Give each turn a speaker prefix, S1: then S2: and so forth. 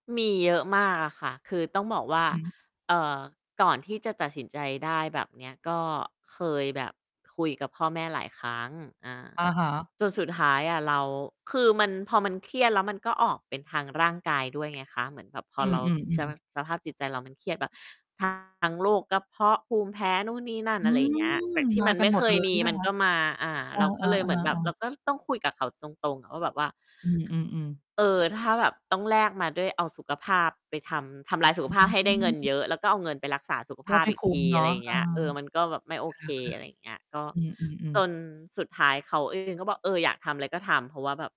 S1: มีเยอะมากอะค่ะ คือต้องบอกว่า
S2: อือฮึ
S1: เอ่อ ก่อนที่จะตัดสินใจได้แบบเนี้ย ก็เคยแบบคุยกับพ่อแม่หลายครั้ง อา
S2: อะฮะ
S1: จนสุดท้ายอะเรา คือมัน พอมันเครียดแล้วมันก็ออกเป็นทางร่างกายด้วย ไงคะ เหมือนแบบพอ
S2: อื
S1: เราส
S2: อ
S1: ภ
S2: ๆ ๆ
S1: า สภาพจิตใจเรามันเครียดแบบ ทั้ง โรคกระเพาะ ภูมิแพ้นู่นนี่นั่
S2: อ
S1: น
S2: ื
S1: อะไรอย่างเงี้ย
S2: ม!
S1: จากที
S2: ม
S1: ่ม
S2: า
S1: ัน
S2: ก
S1: ไ
S2: ั
S1: ม
S2: น
S1: ่
S2: หม
S1: เค
S2: ด เ
S1: ย
S2: ลย
S1: ม
S2: ใ
S1: ี
S2: ช่ไหม
S1: มัน
S2: ค
S1: ก
S2: ะ?
S1: ็มา อา
S2: เออ
S1: เราก็เลยเหมือนแบบ
S2: ๆ
S1: เร
S2: ๆ
S1: า
S2: ๆ
S1: ก็ต้องคุยกับเขาตรง ๆ อะว่าแบบว่า
S2: อือ ๆ ๆ
S1: เออ ถ้าแบบต้องแลกมาด้วย เอาสุขภาพไปทำ ทำลายสุข
S2: อ
S1: ภาพให้ได้เงิ
S2: ื
S1: น
S2: ม
S1: เยอะ แล้วก็เอาเงินไปรักษาสุขภ
S2: ก็
S1: า
S2: ไ
S1: พ
S2: ม่
S1: อี
S2: ค
S1: ก
S2: ุ
S1: ท
S2: ้ม
S1: ี
S2: เน
S1: อ
S2: า
S1: ะไร
S2: ะ
S1: อย่าง
S2: เ
S1: เ
S2: อ
S1: ง
S2: อ
S1: ี้ย เออ มันก็แบบไม่โอเค อะไรอย่างเงี้ย ก็
S2: ค่ะ ๆ อือ
S1: จ
S2: ๆ ๆ
S1: นสุดท้ายเขา เอง ก็บอก "เออ อยากทำอะไรก็ทำ" เพราะว่าแบบ